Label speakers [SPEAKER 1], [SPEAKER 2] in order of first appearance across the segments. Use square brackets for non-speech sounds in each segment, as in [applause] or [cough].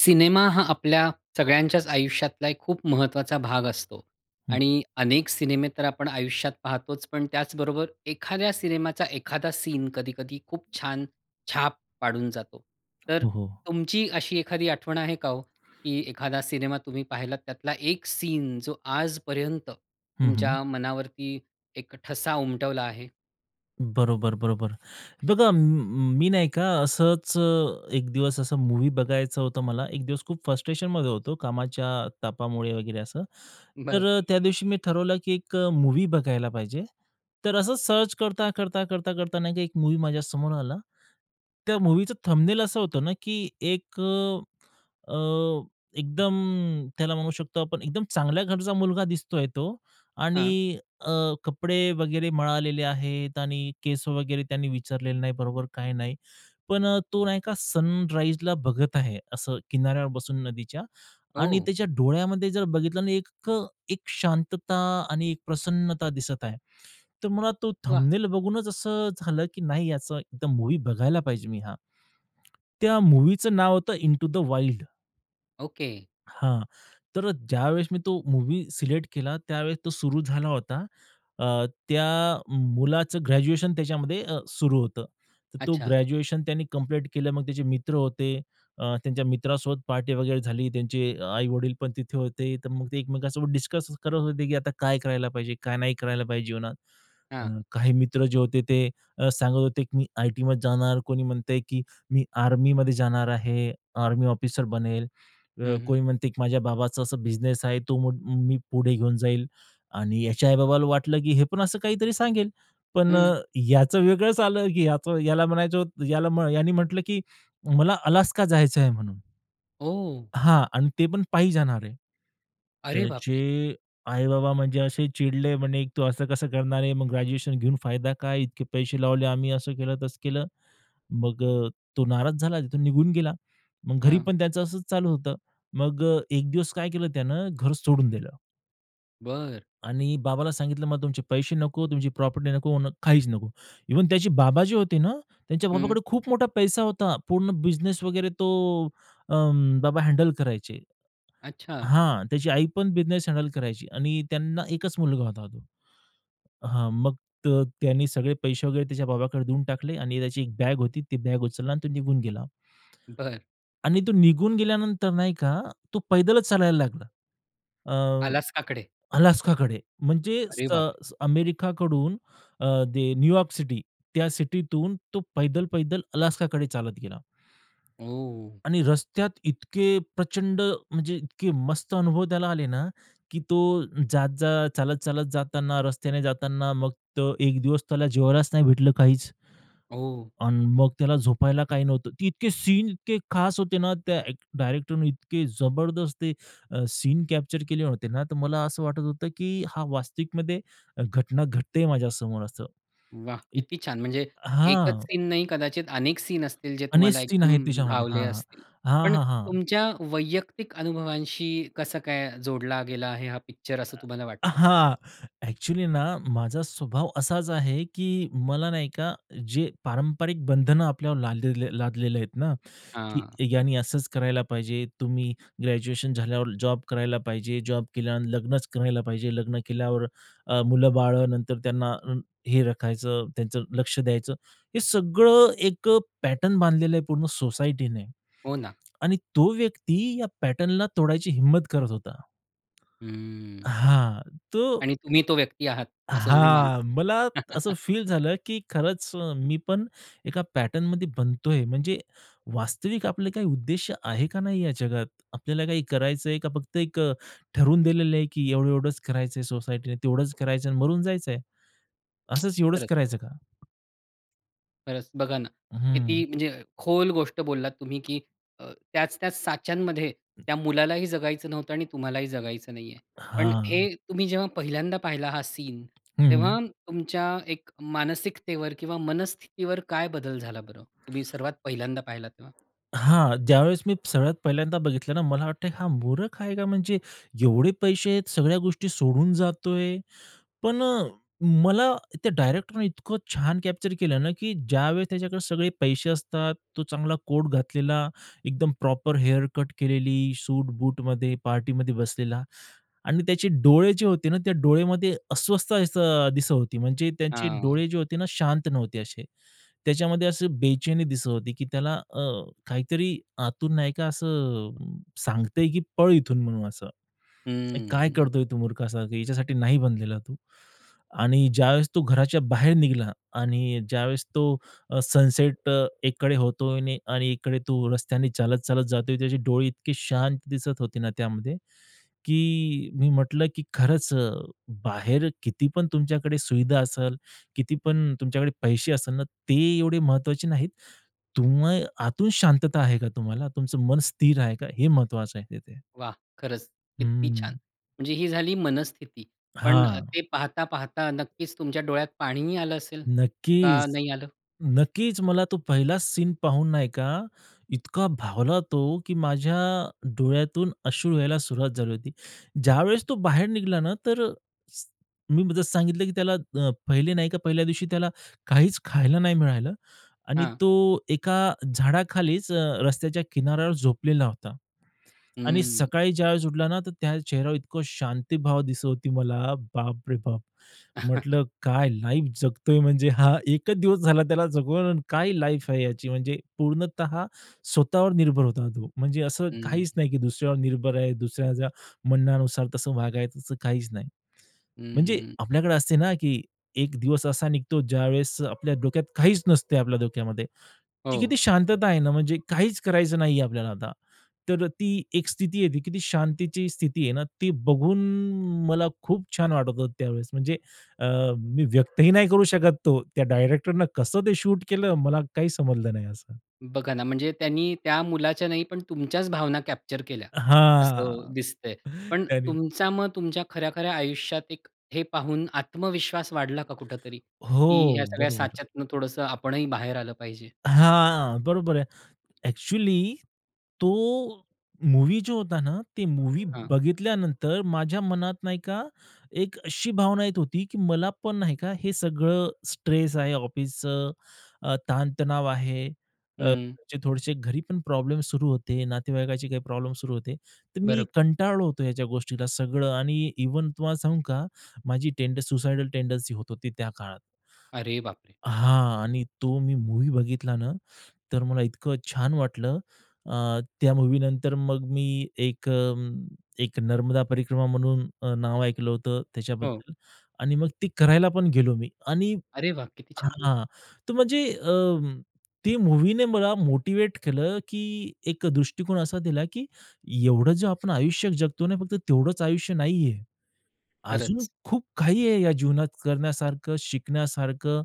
[SPEAKER 1] Cinema हा आपल्या सगळ्यांच्याच आयुष्यातला एक खूप महत्वाचा भाग असतो.
[SPEAKER 2] हं.
[SPEAKER 1] आणि अनेक सिनेमे तर आपण आयुष्यात पाहतोच, पण त्याचबरोबर एखाद्या सिनेमाचा एखादा सीन, कधी-कधी खूप छान छाप पाडून जातो. तर
[SPEAKER 2] हो, हो.
[SPEAKER 1] तुमची अशी एखादी आठवण आहे का हो? की एखादा सिनेमा तुम्ही पाहिलात, त्यातला एक सीन जो आजपर्यंत
[SPEAKER 2] हं, हं.
[SPEAKER 1] तुमच्या मनावरती एक ठसा उमटवला आहे.
[SPEAKER 2] बरोबर, बरोबर. बघा म मी नाही का असच अ, एक दिवस, असं मूव्ही बघायचं होतं मला, एक दिवस खूप फ्रस्ट्रेशनमध्ये होतो कामाच्या तापामुळे वगैरे असं. तर
[SPEAKER 1] बरं.
[SPEAKER 2] अ, त्या दिवशी मी ठरवलं की एक अ, मूव्ही बघायला पाहिजे. तर असं सर्च करता-करता, करता-करता नाही का, एक मूव्ही माझ्यासमोर आला. त्या मूव्हीचं थंबनेल असं होतं ना, की एक अ, अ, एकदम त्याला म्हणू शकतो आपण एकदम चांगल्या घरचा मुलगा दिसतोय तो
[SPEAKER 1] हां.
[SPEAKER 2] आणि अ, कपडे वगैरे मळालेले आहेत, आणि केस वगैरे त्याने विंचरलेले नाही बरोबर काही नाही, पण अ, तो नाही का सनराईजला बघत आहे, असं किनाऱ्यावर बसून नदीच्या आणि
[SPEAKER 1] ओह!
[SPEAKER 2] त्याच्या डोळ्यामध्ये जर बघितलं ना एक अ, एक शांतता आणि एक प्रसन्नता दिसत आहे. तर मला तो
[SPEAKER 1] वाह!
[SPEAKER 2] थंबनेल बघूनच असं झालं की नाही, याचं एकदा मूव्ही बघायला पाहिजे मी हा. त्या मूव्हीचं नाव होतं, इंटू द वाइल्ड.
[SPEAKER 1] ओके.
[SPEAKER 2] हां, तर ज्यावेळेस मी तो मूव्ही सिलेक्ट केला, त्यावेळेस तो सुरू झाला होता. अ, त्या मुलाचं ग्रॅज्युएशन त्याच्यामध्ये अ, सुरू होतं. तर तो
[SPEAKER 1] अच्छा.
[SPEAKER 2] ग्रॅज्युएशन त्यांनी कंप्लीट केलं. मग त्याचे मित्र होते. अ, त्यांच्या मित्रासोबत पार्टी वगैरे झाली. त्यांचे आई-वडील पण तिथे होते. तर मग ते एकमेकांसोबत डिस्कस करत होते, की आता काय करायला पाहिजे, काय नाही करायला पाहिजे जीवनात?
[SPEAKER 1] हां.
[SPEAKER 2] काही मित्र जे होते ते अ, सांगत होते, की "मी आयटीमध्ये जाणार," कोणी म्हणतंय, की "मी आर्मीमध्ये जाणार आहे, आर्मी ऑफिसर बनेल." अ,
[SPEAKER 1] हं, हं.
[SPEAKER 2] कोई म्हणते, की "माझ्या बाबाचा असा बिझनेस आहे. तो मो मी पुढे घेऊन जाईल." आणि याच्या आई-बाबाला वाटलं, की हे पण असं काहीतरी सांगेल. पण
[SPEAKER 1] हं.
[SPEAKER 2] अ, याचं वेगळच आलं, की याच याला म्हणायचं होत याला यानी म्हटलं, की "मला अलास्का जायच आहे," म्हणून.
[SPEAKER 1] ओह!
[SPEAKER 2] हां आणि ते पण पायी जाणार आहे.
[SPEAKER 1] अरे बापरे!
[SPEAKER 2] त्याचे आई-बाबा म्हणजे असे चिडले, म्हणे, "तू असं कसं करणार आहे? मग ग्रॅज्युएशन घेऊन फायदा काय, इतके पैसे लावले आम्ही," असं केलं, तसं केलं. मग अ, तो नाराज झाला, तिथून निघून गेला. मग घरी
[SPEAKER 1] हां.
[SPEAKER 2] पण त्याचं असंच चालू होतं. मग अ, एक दिवस काय केलं त्यानं? घर सोडून दिलं.
[SPEAKER 1] बरं.
[SPEAKER 2] आणि बाबाला सांगितलं, "मला तुमचे पैसे नको, तुमची प्रॉपर्टी नको," म्हणं, "काहीच नको." इव्हन त्याची बाबा जे होते ना, त्यांच्या
[SPEAKER 1] हं.
[SPEAKER 2] बाबाकडे खूप मोठा पैसा होता. पूर्ण बिझनेस वगैरे तो अं, बाबा हँडल करायचे.
[SPEAKER 1] अच्छा.
[SPEAKER 2] हां, त्याची आई पण बिझनेस हँडल करायची आणि त्यांना एकच मुलगा होता तो. हां, मग तर त्यांनी सगळे पैसे वगैरे त्याच्या बाबांकडे देऊन टाकले आणि त्याची एक बॅग होती, ती बॅग उचलला आणि तो निघून गेला.
[SPEAKER 1] बरं.
[SPEAKER 2] आणि तो निघून गेल्यानंतर नाही का, तो पैदलच चालायला लागला. अ,
[SPEAKER 1] अलास्काकडे.
[SPEAKER 2] अलास्काकडे. म्हणजे
[SPEAKER 1] अरे बापरे!
[SPEAKER 2] स अमेरिकाकडून अ, ते न्यूयॉर्क सिटी. त्या सिटीतून तो पैदल पैदल अलास्काकडे चालत गेला.
[SPEAKER 1] ओह!
[SPEAKER 2] आणि रस्त्यात इतके प्रचंड म्हणजे इतके मस्त अनुभव त्याला आले ना, की तो जात-जात, चालत-चालत जाताना, रस्त्याने जाताना, मग तो एक दिवस त्याला जेवायलाच नाही भेटलं काहीच.
[SPEAKER 1] ओ!
[SPEAKER 2] अन् मग त्याला झोपायला काही नव्हतं. ते इतके सीन इतके खास होते ना, त्या एक डायरेक्टरने इतके जबरदस्त अ, सीन कॅप्चर केले होते ना, तर मला असं वाटत होतं, की हा वास्तविकमध्ये घटना घडते माझ्यासमोर असं.
[SPEAKER 1] वाह!
[SPEAKER 2] इत
[SPEAKER 1] किती छान. म्हणजे एकच
[SPEAKER 2] हां.
[SPEAKER 1] सीन नाही, कदाचित अनेक सीन असतील जे तुम्हाला
[SPEAKER 2] ऑनेस्टी आहे
[SPEAKER 1] एकदम
[SPEAKER 2] तिच्यामध्ये.
[SPEAKER 1] भावले
[SPEAKER 2] हां.
[SPEAKER 1] असतील.
[SPEAKER 2] हां,
[SPEAKER 1] पण
[SPEAKER 2] हां, हां.
[SPEAKER 1] तुमच्या वैयक्तिक अनुभवांशी कसं काय जोडला गेला आहे हा पिक्चर, असं तुम्हाला
[SPEAKER 2] अ,
[SPEAKER 1] वाटतं?
[SPEAKER 2] हां. अ‍ॅक्चुअली ना, माझा स्वभाव असाच आहे की मला नाही का, जे पारंपरिक बंधनं आपल्यावर लालले लादलेले आहेत ना, की
[SPEAKER 1] हां.
[SPEAKER 2] यांनी असंच करायला पाहिजे, तुम्ही ग्रॅज्युएशन झाल्यावर जॉब करायला पाहिजे, जॉब केल्यावर लग्नच करायला पाहिजे, लग्न केल्यावर अ, मुलं-बाळं, नंतर अं, त्यांना हे राखायचं, त्यांचं लक्ष द्यायचं. हे सगळं एक अ, पॅटर्न बांधलेलं आहे पूर्ण सोसायटीने.
[SPEAKER 1] हो ना.
[SPEAKER 2] आणि तो व्यक्ती या पॅटर्नला तोडायची हिम्मत करत होता.
[SPEAKER 1] हम्म.
[SPEAKER 2] हां. तो
[SPEAKER 1] आणि तुम्ही तो व्यक्ती आहात, असं तुम्ही मानता.
[SPEAKER 2] हां, मला असं
[SPEAKER 1] [chuckles]
[SPEAKER 2] फील झालं, की खरंच अ,
[SPEAKER 1] हं.
[SPEAKER 2] मी पण एका पॅटर्नमध्ये बनतोय, म्हणजे वास्तविक आपलं काही उद्देश आहे का नाही या जगात. आपल्याला काय करायचं आहे, का फक्त एक अ, ठरवून दिलेलं आहे, की एवढं-एवढंच करायचं आहे, सोसायटीने तेवढंच करायचं आहे आणि मरून जायचंय. असंच, एवढंच
[SPEAKER 1] खरंच.
[SPEAKER 2] करायचं का?
[SPEAKER 1] खरंच बघा ना,
[SPEAKER 2] हं.
[SPEAKER 1] किती म्हणजे खोल गोष्ट बोललात तुम्ही, की अ, त्याच-त्याच साच्यांमध्ये
[SPEAKER 2] अं.
[SPEAKER 1] त्या मुलालाही जगायचं नव्हतं आणि तुम्हालाही जगायचं नाहीये. पण
[SPEAKER 2] हां.
[SPEAKER 1] हे तुम्ही जेव्हा पहिल्यांदा पाहिला हा सीन,
[SPEAKER 2] हं.
[SPEAKER 1] तेव्हा तुमच्या एक मानसिकतेवर किंवा मनस्थितीवर काय बदल झाला बरं, तुम्ही सर्वात पहिल्यांदा पाहिला तेव्हा?
[SPEAKER 2] हां. ज्यावेळेस मी सगळ्यात पहिल्यांदा बघितलं ना मला वाटतंय हा मूरख आहे का, म्हणजे एवढे पैसे आहेत, सगळ्या गोष्टी सोडून जातोय. पण अ, मला त्या डायरेक्टरने इतकं छान कॅप्चर केलं ना, की ज्यावेळेस त्याच्याकडे सगळे पैसे असतात. तो चांगला कोट घातलेला, एकदम प्रॉपर हेअर कट केलेली, सूट-बूटमध्ये पार्टीमध्ये बसलेला आणि त्याचे डोळे जे होते ना, त्या डोळेमध्ये अस्वस्थ असं दिसत होती म्हणजे त्यांचे
[SPEAKER 1] हां.
[SPEAKER 2] डोळे जे होते ना शांत नव्हते असे. त्याच्यामध्ये अशी बेचैनी दिसत होती, की त्याला अ, काहीतरी आतून नाही का असं अ, सांगतंय, की पळ इथून म्हणून असं, हे काय
[SPEAKER 1] हं.
[SPEAKER 2] करतोय तू मूर्खासारखं, याच्यासाठी नाही बनलेला तू आणि ज्यावेळेस तो घराच्या बाहेर निघाला. आणि ज्यावेळेस तो अ, सनसेट अ, एकीकडे होतोय आणि इकडे तू रस्त्याने चालत-चालत जातोय. त्याची डोळे इतकी शांत दिसत होती ना त्यामध्ये, की मी म्हटलं की खरंच अ, बाहेर किती पण तुमच्याकडे सुविधा असेल, किती पण तुमच्याकडे पैसे असेल ना ते एवढे महत्त्वाचे नाहीत. तुम्ह आतून शांतता आहे का तुम्हाला, तुमचं मन स्थिर आहे का हे महत्त्वाचं आहे तिथे.
[SPEAKER 1] वाह! खरंच किती छान.
[SPEAKER 2] हम्म.
[SPEAKER 1] म्हणजे ही झाली मनस्थिती पण अ,
[SPEAKER 2] हां.
[SPEAKER 1] ते पाहता-पाहता नक्कीच तुमच्या डोळ्यात पाणीही आलं असेल का
[SPEAKER 2] नक्कीच,
[SPEAKER 1] नाही आलं?
[SPEAKER 2] नक्कीच. मला तो पहिला सीन पाहून नाही का इतका भावला तो, की माझ्या डोळ्यातून अश्रू यायला सुरुवात झाली होती. ज्यावेळेस तो बाहेर निघाला ना तर मी सांगितलं की त्याला अ, पहिले नाही का पहिल्या दिवशी त्याला काहीच खायला नाही मिळालं आणि
[SPEAKER 1] हां.
[SPEAKER 2] तो एका झाडाखालीच अ, रस्त्याच्या किनाऱ्यावर झोपलेला होता. आणि
[SPEAKER 1] हं.
[SPEAKER 2] सकाळी ज्यावेळेस उठला ना तर त्या चेहऱ्यावर इतकं शांतीभाव दिसत होती मला बापरे बाप!
[SPEAKER 1] [chuckles]
[SPEAKER 2] म्हटलं काय लाईफ जगतोय म्हणजे हा. एकच दिवस झाला त्याला जगून आणि काय लाईफ आहे ह्याची. म्हणजे पूर्णतः स्वतःवर निर्भर होता तो. म्हणजे असं
[SPEAKER 1] हं.
[SPEAKER 2] काहीच नाही की दुसऱ्यावर निर्भर आहे, दुसऱ्याच्या म्हणण्यानुसार तसं वागायचं तसं काहीच नाही.
[SPEAKER 1] हं,
[SPEAKER 2] म्हणजे
[SPEAKER 1] हं.
[SPEAKER 2] आपल्याकडे असते ना की एक दिवस असा निघतो ज्यावेळेस आपल्या डोक्यात काहीच नसते आपल्या डोक्यामध्ये. ती
[SPEAKER 1] हो.
[SPEAKER 2] किती शांतता आहे ना म्हणजे काहीच करायचं नाहीये आपल्याला आता, तर ती एक स्थिती आहे ती किती शांतीची स्थिती आहे ना, ती बघून मला खूप छान वाटत होतं त्यावेळेस. म्हणजे अ, मी व्यक्तही नाही करू शकत तो. त्या डायरेक्टरने कसं ते शूट केलं मला काही समजलं नाही असं.
[SPEAKER 1] बघा ना, म्हणजे त्यांनी त्या मुलाच्या नाही पण तुमच्याच भावना कॅप्चर केल्या असं
[SPEAKER 2] हां,
[SPEAKER 1] दिसतंय. पण
[SPEAKER 2] त्यांने
[SPEAKER 1] तुमचा मग तुमच्या खऱ्या-खऱ्या आयुष्यात एक हे पाहून आत्मविश्वास वाढला का कुठेतरी, की
[SPEAKER 2] हो,
[SPEAKER 1] ह्या सगळ्या
[SPEAKER 2] बरोबर.
[SPEAKER 1] साच्यातनं थोडंसं आपणही बाहेर आलं पाहिजे?
[SPEAKER 2] हां, बरोबर आहे. अ‍ॅक्चुअली तो मूव्ही जो होता ना ते मूव्ही
[SPEAKER 1] हां.
[SPEAKER 2] बघितल्यानंतर माझ्या मनात नाही का एक अशी भावना येत होती, की मला पण नाही का हे सगळं स्ट्रेस आहे ऑफिसचं अ, ताणतणाव आहे. अ,
[SPEAKER 1] हं.
[SPEAKER 2] जे थोडेसे घरी पण प्रॉब्लेम सुरू होते, नातेवाईकांचे काही प्रॉब्लेम सुरू होते. तर मी
[SPEAKER 1] बरोब
[SPEAKER 2] कंटाळलो होतो याच्या गोष्टीला सगळं आणि इव्हन तुम्हाला सांगू का माझी टेंडन सुसायडल टेंडन्सी होत होती त्या काळात.
[SPEAKER 1] अरे बापरे!
[SPEAKER 2] हां. आणि तो मी मूव्ही बघितला ना, तर मला इतकं छान वाटलं अ, त्या मूव्हीनंतर मग मी एक अ, एक नर्मदा परिक्रमा म्हणून अ, नाव ऐकलं होतं
[SPEAKER 1] हो.
[SPEAKER 2] त्याच्याबद्दल आणि मग ते करायला पण गेलो मी. आणि
[SPEAKER 1] अरे वाह! किती छान.
[SPEAKER 2] हां, तर म्हणजे अं, ती मूव्हीने मला मोटिव्हेट केलं, की एक अ, दृष्टिकोन असा दिला, की एवढं जे आपण आयुष्य जगतो ने फक्त तेवढंच आयुष्य नाहीये. अजून
[SPEAKER 1] खरंच.
[SPEAKER 2] खूप काही आहे या जीवनात करण्यासारखं, शिकण्यासारखं.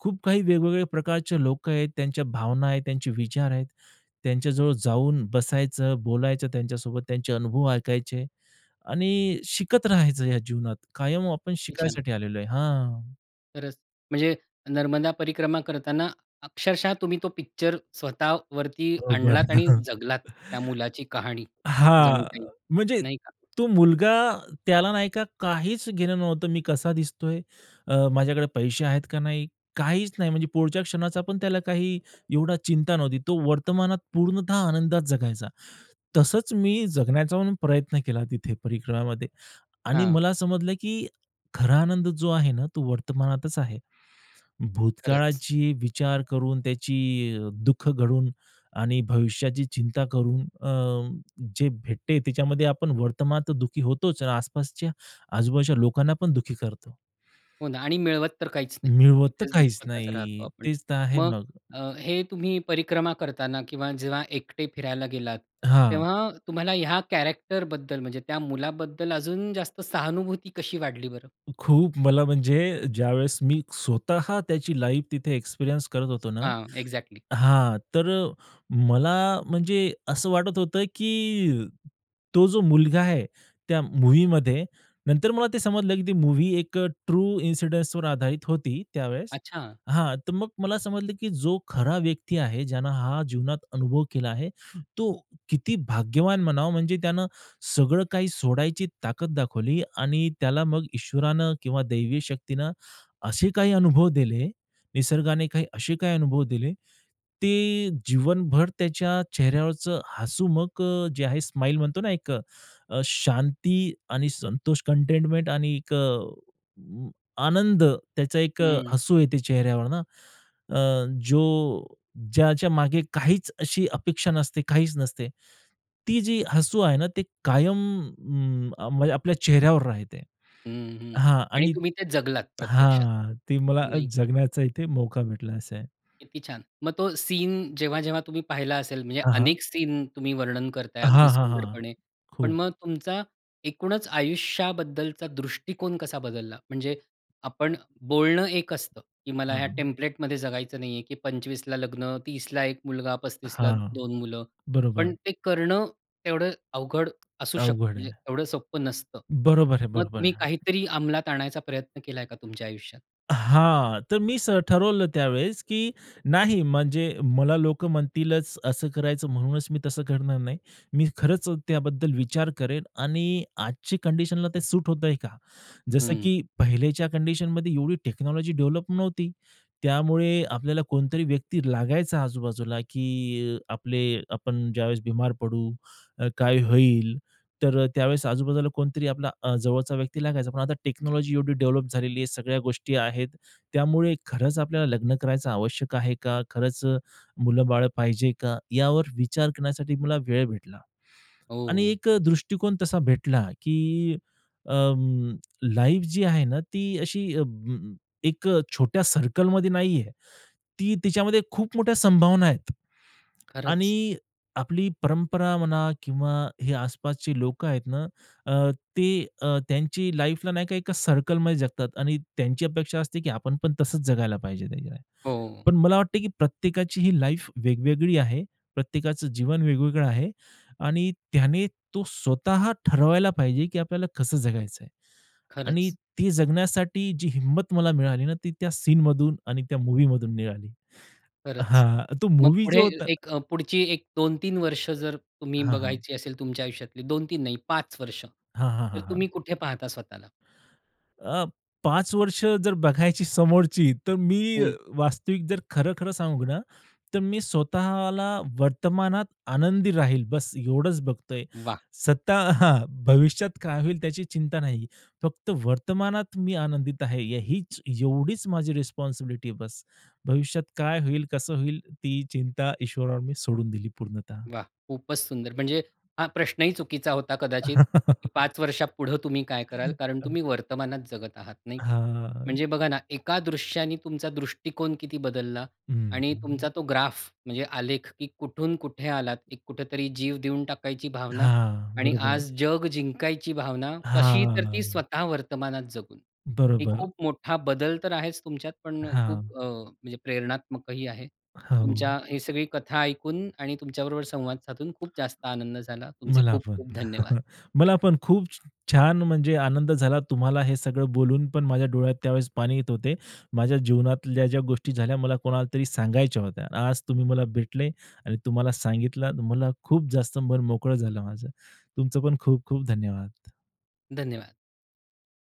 [SPEAKER 2] खूप काही वेगवेगळ्या प्रकारचे लोकं आहेत, त्यांच्या भावना आहेत, त्यांचे विचार आहेत, त्यांच्याजवळ जाऊन बसायचं, बोलायचं त्यांच्यासोबत, त्यांचे अनुभव ऐकायचे आणि शिकत राहायचं. या जीवनात कायम, आपण
[SPEAKER 1] किती छान!
[SPEAKER 2] शिकायसाठी आलेलो आहे. हां.
[SPEAKER 1] खरंच म्हणजे नर्मदा परिक्रमा करतांना अक्षरशः तुम्ही तो पिक्चर स्वतः वरती
[SPEAKER 2] बरोबर.
[SPEAKER 1] आणलात आणि जगलात त्या
[SPEAKER 2] [chuckles]
[SPEAKER 1] मुलाची कहाणी,
[SPEAKER 2] हां,
[SPEAKER 1] जणू
[SPEAKER 2] अ,
[SPEAKER 1] काही
[SPEAKER 2] म्हणजे
[SPEAKER 1] नाही का?
[SPEAKER 2] तो मुलगा, त्याला नाही का काहीच घेणं नव्हतं, मी कसा दिसतोय, अ, माझ्याकडे पैसे आहेत का नाही, काहीच नाही म्हणजे पुढच्या क्षणाचा पण त्याला काही एवढा चिंता नव्हती. तो वर्तमानात पूर्णतः आनंदात जगायचा. तसंच मी जगण्याचा पण प्रयत्न केला तिथे, परिक्रमामध्ये आणि
[SPEAKER 1] हां.
[SPEAKER 2] मला समजलं, की खरा आनंद जो आहे ना तो वर्तमानातच आहे.
[SPEAKER 1] खरंच.
[SPEAKER 2] भूतकाळाची विचार करून, त्याची अ, दुःख घडून आणि भविष्याची चिंता करून, अं, जे भेटते त्याच्यामध्ये आपण वर्तमान तर दुःखी होतोच आणि आसपासच्या आजूबाजूच्या लोकांना पण दुःखी करतो.
[SPEAKER 1] हो ना आणि मिळवत तर काहीच नाही.
[SPEAKER 2] मिळवत तर
[SPEAKER 1] इथेच
[SPEAKER 2] काहीच
[SPEAKER 1] दुःखताच राहतो
[SPEAKER 2] नाही.
[SPEAKER 1] आपण.
[SPEAKER 2] तेच तर आहे
[SPEAKER 1] मग
[SPEAKER 2] मग.
[SPEAKER 1] अ, हे तुम्ही परिक्रमा करतांना किंवा जेव्हा एकटे फिरायला गेलात,
[SPEAKER 2] हां.
[SPEAKER 1] तेव्हा तुम्हाला ह्या कॅरेक्टरबद्दल म्हणजे त्या मुलाबद्दल अजून जास्त सहानुभूती कशी वाढली बरं?
[SPEAKER 2] खूप, मला म्हणजे ज्यावेळेस मी स्वतः त्याची लाईफ तिथे एक्सपिरियन्स करत होतो ना
[SPEAKER 1] हां, एक्झॅक्टली.
[SPEAKER 2] हां, तर अ, मला म्हणजे असं वाटत होतं, की तो जो मुलगा आहे त्या मूव्हीमध्ये नंतर मला ते समजलं, की ती मूव्ही एक ट्रू इन्सिडन्सवर आधारित होती, त्यावेळेस
[SPEAKER 1] अच्छा.
[SPEAKER 2] हां, तर मग मला समजलं, की जो खरा व्यक्ती आहे ज्यांना हा जीवनात अनुभव केला आहे, तो किती भाग्यवान म्हणावा. म्हणजे त्यानं सगळं काही सोडायची ताकद दाखवली आणि त्याला मग ईश्वरानं किंवा दैवी शक्तीनं असे काही अनुभव दिले, निसर्गाने काही असे काही अनुभव दिले, ते जीवनभर त्याच्या चेहऱ्यावरचं हसू मग अ, जे आहे स्माईल म्हणतो ना एक अ, शांती आणि संतोष कंटेनमेंट आणि एक अ, आनंद त्याचा एक
[SPEAKER 1] हं.
[SPEAKER 2] हसू येते चेहऱ्यावर ना, अ, जो ज्याच्या मागे काहीच अशी अपेक्षा नसते, काहीच नसते. ती जी हसू आहे ना ते कायम उम्म, अ, म्हणजे आपल्या चेहऱ्यावर राहते
[SPEAKER 1] हं, हं
[SPEAKER 2] हां
[SPEAKER 1] आणि
[SPEAKER 2] आणि
[SPEAKER 1] तुम्ही ते जगलात प्रत्यक्षात
[SPEAKER 2] हां, ती मला
[SPEAKER 1] नाही
[SPEAKER 2] जगण्याचा इथे मौका भेटला असे आहे.
[SPEAKER 1] किती छान. मग तो सीन जेव्हा-जेव्हा तुम्ही पाहिला असेल म्हणजे
[SPEAKER 2] हां, हां.
[SPEAKER 1] अनेक सीन तुम्ही वर्णन करताय
[SPEAKER 2] हां,
[SPEAKER 1] अगदी
[SPEAKER 2] हां, हां,
[SPEAKER 1] सुंदरपणे, पण
[SPEAKER 2] खूप.
[SPEAKER 1] मग तुमचा एकूणच आयुष्याबद्दलचा दृष्टिकोन कसा बदलला? म्हणजे आपण बोलणं एक असतं, की मला ह्या
[SPEAKER 2] हां.
[SPEAKER 1] टेम्प्लेटमध्ये जगायचं नाही आहे, की 25 ला लग्न, 30 ला 1 मुलगा, 35 ला
[SPEAKER 2] हां,
[SPEAKER 1] 2 मुलं,
[SPEAKER 2] बरोबर.
[SPEAKER 1] पण ते करणं तेवढं अवघड असू शकतं,
[SPEAKER 2] अवघड
[SPEAKER 1] म्हणजे
[SPEAKER 2] आहे.
[SPEAKER 1] तेवढं सोपं नसतं.
[SPEAKER 2] बरोबर आहे,
[SPEAKER 1] मग
[SPEAKER 2] बरोबर
[SPEAKER 1] तुम्ही
[SPEAKER 2] आहे.
[SPEAKER 1] काहीतरी अंमलात आणायचा प्रयत्न केलाय का तुमच्या आयुष्यात?
[SPEAKER 2] हां, तर मी स ठरवलं त्यावेळेस, की नाही, म्हणजे मला लोकं म्हणतीलच असं करायचं, म्हणूनच मी तसं करणार नाही. मी खरंच त्याबद्दल विचार करेन आणि आजच्या कंडिशनला ते सूट होतंय का, जसं
[SPEAKER 1] हं.
[SPEAKER 2] की पहिलेच्या कंडिशनमध्ये एवढी टेक्नॉलॉजी डेव्हलप नव्हती. त्यामुळे आपल्याला कोणतरी व्यक्ती लागायचा आजूबाजूला, की अ, आपले आपण ज्यावेळेस बिमार पडू तर काय होईल. तर अ, त्यावेळेस आजूबाजूला कोणतरी आपला अ, जवळचा व्यक्ती लागायचा, पण आता टेक्नॉलॉजी एवढी डेव्हलप झालेली आहे, सगळ्या गोष्टी आहेत. त्यामुळे खरंच आपल्याला लग्न करायचं आवश्यक आहे का, खरंच अ, मुलं-बाळं पाहिजे का, यावर विचार करण्यासाठी मला वेळ भेटला. आणि
[SPEAKER 1] हो.
[SPEAKER 2] एक अ, दृष्टिकोन तसा भेटला, की अ, लाईफ जी आहे ना, ती अशी अं, एक अ, छोट्या सर्कलमध्ये नाही आहे. ती तिच्यामध्ये खूप मोठ्या संभावना आहेत
[SPEAKER 1] खरंच.
[SPEAKER 2] आणि आपली परंपरा म्हणा किंवा हे आसपासची लोकं आहेत ना, अ, ते अ, त्यांची लाईफला नाही का एका सर्कलमध्ये जगतात आणि त्यांची अपेक्षा असते, की आपण पण तसच जगायला पाहिजे, नाही का.
[SPEAKER 1] हो.
[SPEAKER 2] पण मला वाटतं, की प्रत्येकाची ही लाईफ वेगवेगळी आहे, प्रत्येकाचं जीवन वेगवेगळं आहे आणि त्याने तो स्वतः ठरवायला पाहिजे, की आपल्याला कसं जगायचं आहे आणि
[SPEAKER 1] खरंच.
[SPEAKER 2] ती जगण्यासाठी जी हिंमत मला मिळाली ना, ती त्या सीनमधून आणि त्या मूव्हीमधून मिळाली
[SPEAKER 1] खरंच,
[SPEAKER 2] हां, तो
[SPEAKER 1] मग
[SPEAKER 2] मूव्ही
[SPEAKER 1] पुढे
[SPEAKER 2] जो होता
[SPEAKER 1] एक अ, पुढची एक 2-3 वर्ष जर तुम्ही
[SPEAKER 2] हां, हां.
[SPEAKER 1] बघायची असेल तुमच्या आयुष्यातली, 2-3 नाही 5 वर्ष
[SPEAKER 2] हां, हां,
[SPEAKER 1] तर
[SPEAKER 2] हां, हां.
[SPEAKER 1] तुम्ही कुठे पाहता स्वतःला?
[SPEAKER 2] अ, 5 वर्ष जर बघायची समोरची, तर मी
[SPEAKER 1] हं.
[SPEAKER 2] वास्तविक जर खरं-खरं सांगू ना, तर मी स्वतःला वर्तमानात आनंदी राहील बस. एवढंच बघतोय.
[SPEAKER 1] वाह!
[SPEAKER 2] सत्ता [chuckles] हां, भविष्यात काय होईल त्याची चिंता नाही. फक्त वर्तमानात मी आनंदित आहे, यहींच एवढीच माझी रिस्पॉन्सिबिलिटी आहे बस. भविष्यात काय होईल, कसं होईल, ती चिंता ईश्वरावर मी सोडून दिली पूर्णतः.
[SPEAKER 1] वाह, खूपच सुंदर! म्हणजे हा प्रश्नही चुकीचा होता कदाचित, की
[SPEAKER 2] [laughs]
[SPEAKER 1] 5 वर्षापुढं तुम्ही काय कराल? कारण
[SPEAKER 2] [chuckles]
[SPEAKER 1] तुम्ही वर्तमानात जगत आहात, नाही का.
[SPEAKER 2] हां.
[SPEAKER 1] म्हणजे बघा ना, एका दृश्याने तुमचा दृष्टिकोन किती बदलला
[SPEAKER 2] हं,
[SPEAKER 1] आणि
[SPEAKER 2] हं.
[SPEAKER 1] तुमचा तो ग्राफ म्हणजे आलेख, की कुठून कुठे आलात. कुठेतरी जीव देऊन टाकायची भावना
[SPEAKER 2] हां,
[SPEAKER 1] आणि
[SPEAKER 2] बरोबर.
[SPEAKER 1] आज जग जिंकायची भावना. कशी? तर ती
[SPEAKER 2] हां.
[SPEAKER 1] स्वतः वर्तमानात जगून. हे
[SPEAKER 2] बरोबर.
[SPEAKER 1] खूप मोठा बदल तर आहेच तुमच्यात पण खूप
[SPEAKER 2] हां.
[SPEAKER 1] अ, म्हणजे प्रेरणात्मक ही आहे. तर
[SPEAKER 2] हो.
[SPEAKER 1] तुमच्या हे सगळी कथा ऐकून आणि तुमच्याबरोबर संवाद साधून खूप जास्त आनंद झाला. तुमचे
[SPEAKER 2] मला
[SPEAKER 1] खूप
[SPEAKER 2] पण,
[SPEAKER 1] खूप धन्यवाद.
[SPEAKER 2] [chuckles] मला पण खूप छ छान म्हणजे, आनंद झाला तुम्हाला हे सगळं बोलून, पण माझ्या डोळ्यात त्यावेळेस पाणी येत होते. माझ्या जीवनातल्या ज्या गोष्टी झाल्या, मला कोणालातरी सांगायच्या होत्या. आज तुम्ही मला भेटले आणि तुम्हाला सांगितलं, मला खूप जास्त मन मोकळं झालं माझं. तुमचं पण खूप खूप धन्यवाद.
[SPEAKER 1] धन्यवाद.